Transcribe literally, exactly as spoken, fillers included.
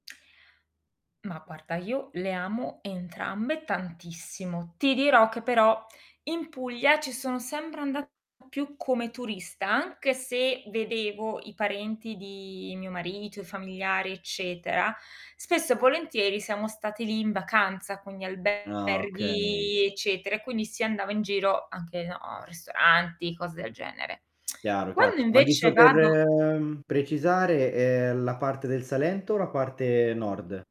Mah, parta io le amo entrambe tantissimo. Ti dirò che però, in Puglia ci sono sempre andata più come turista. Anche se vedevo i parenti di mio marito, i familiari, eccetera, spesso e volentieri siamo stati lì in vacanza con gli Ah, okay. alberghi, eccetera, e quindi si andava in giro anche, no, ristoranti, cose del genere. Chiaro, chiaro. Quando Ma invece giusto per, vado ehm, precisare: ehm, la parte del Salento o la parte nord?